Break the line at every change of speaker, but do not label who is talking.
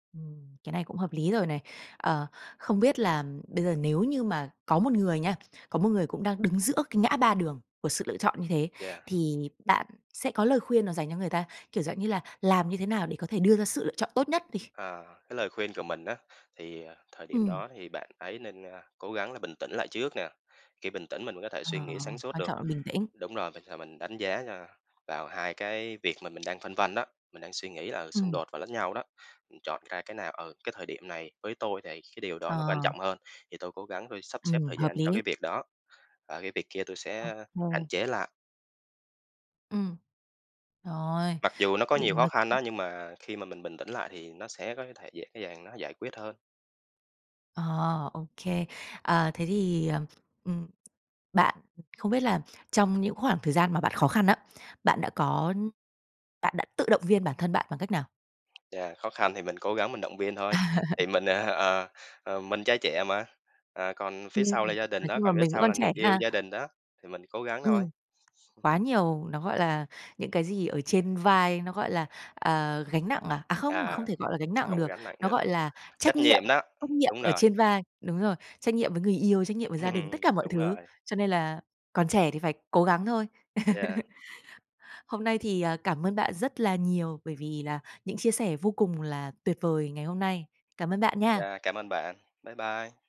Ừm, cái này cũng hợp lý rồi này. Ờ, không biết là, ừm, bây giờ, nếu như mà có một người nha, có một người cũng đang đứng giữa cái ngã ba đường của sự lựa chọn như thế,
Yeah.
thì bạn sẽ có lời khuyên nào dành cho người ta? Kiểu, dạng như là, làm như thế nào để có thể đưa ra sự lựa chọn tốt nhất đi?
Ờ, cái lời khuyên của mình á, thì, à, thời điểm
Ừm.
đó thì bạn ấy nên, a, cố gắng là bình tĩnh lại trước nè. Khi bình tĩnh, mình mới có thể
Ờ,
suy nghĩ sáng suốt
quan
được.
trọng là bình tĩnh.
Đúng rồi, vậy thì mình đánh giá, ơ, vào hai cái việc mà mình đang phân vân đó, mình đang suy nghĩ là, ừ, xung
Ừm.
đột vào lẫn nhau đó, mình chọn ra cái nào, "Ừ, cái thời điểm này với tôi này, cái điều đó nó quan
Ờ.
trọng hơn, thì tôi cố gắng tôi sắp xếp
Ừm,
thời
hợp
gian cho
lý.
cái việc đó và cái việc kia tôi
Ô
sẽ hạn
kê.
chế lại."
Ừm. Trời ơi,
Mặc dù nó
ừ
có nhiều khó khăn đó,
[unintelligible]
nhưng mà khi mà mình bình tĩnh lại, thì nó sẽ có thể dễ dàng nó giải quyết hơn.
Ờ, ô kê. Ờ, thế thì, ờm, ừm, bạn không biết là trong những khoảng thời gian mà bạn khó khăn á, bạn đã có bạn đã tự động viên bản thân bạn bằng cách nào?
Yeah, khó khăn thì mình cố gắng mình động viên thôi, thì mình á hả? Ờ, ờ, mình trai trẻ mà, ờ, còn phía
Ưm,
sau là
ừm,
gia đình
nói
đó,
chung là
còn phía
mình vẫn
sau
còn
là người
trẻ
yêu,
ha.
gia đình đó thì mình cố gắng thôi.
Ừm. Quá nhiều, nó, gọi là, những cái gì ở trên vai, nó, gọi là, à, gánh nặng à? À, không, không
À,
thể, gọi là, gánh nặng
không có
được,
gánh nặng
nó,
được.
gọi là, trách
Trách
nhiệm,
nhiệm đó,
trách nhiệm
đúng
ở
rồi.
trên vai. Đúng rồi, trách nhiệm với người yêu, trách nhiệm với gia đình, tất cả mọi
Đúng
thứ,
rồi.
cho nên là còn trẻ thì phải cố gắng thôi.
Yeah.
Hôm nay thì, ờ, cảm ơn bạn rất là nhiều, bởi vì là những chia sẻ vô cùng là tuyệt vời ngày hôm nay. Cảm ơn bạn nha.
Yeah, cảm ơn bạn, bye bye.